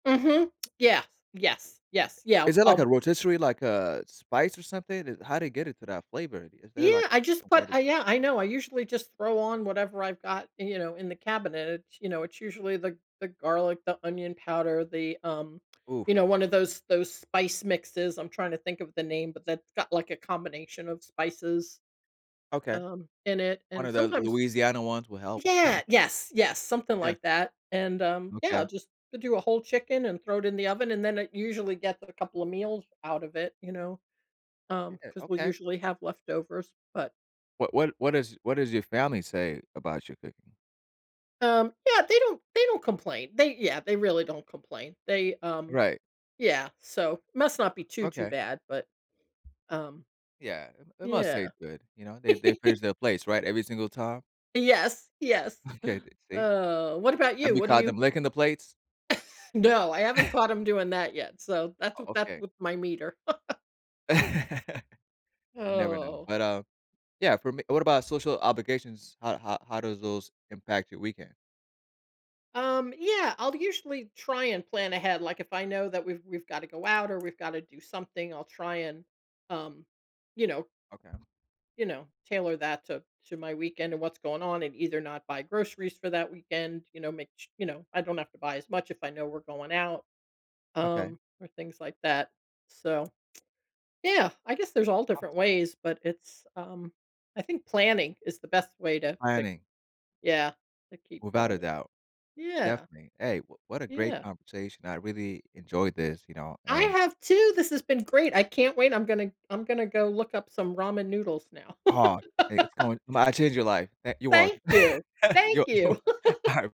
Mhm. Yeah. Yes. Yes. Yeah, Is that like um a rotisserie, like a spice or something? It how did it get it to that flavor? Is there, like, Yeah, I just a way put to I yeah, I know, I usually just throw on whatever I've got, you know, in the cabinet. It's, you know, it's usually the the garlic, the onion powder, the, um, you Oof. know, one of those those spice mixes. I'm trying to think of the name, but that's got, like, a combination of spices, Okay. um, in it. One And of the sometimes Louisiana ones will help. Yeah, yes, yes, something Yeah. like that, and, um, yeah, I'll Okay. just do a whole chicken and throw it in the oven, and then it usually gets a couple of meals out of it, you know, um, Yeah. 'cause we'll Okay. usually have leftovers. But What what what does what does your family say about your cooking? Um, yeah, they don't they don't complain. They Yeah, they really don't complain. They, um, Right. yeah. So must not be too, too Okay. bad, but, um, Yeah. It it must yeah. taste good. You know? They they finish their plates, right, every single time? Yes. Yes. Okay then, see? Uh, what about you? Have you What do caught you them licking the plates? No. I haven't caught him doing that yet. So that's w Oh, that's okay. with my meter. You never know. Oh. But, um Yeah, for me what about social obligations? How how how does those impact your weekend? Um, yeah, I'll usually try and plan ahead. Like, if I know that we've we've gotta go out, or we've gotta do something, I'll try and, um, you know Okay. you know, tailor that to to my weekend and what's going on and either not buy groceries for that weekend, you know, make ch you know, I don't have to buy as much if I know we're going out, Okay. um, or things like that. So, yeah, I guess there's all different Awesome. ways, but it's, A um, I think planning is the best way to to, Planning. yeah, to keep Without going. a doubt. Yeah. Definitely. Hey, wh what a great Yeah. conversation. I really enjoyed this, you know? I And have too. This has been great. I can't wait. I'm gonna I'm gonna go look up some ramen noodles now. Aw, hey it's going might change your life. Eh, you're welcome. Thank you. Thank You're you're you! wel Alright.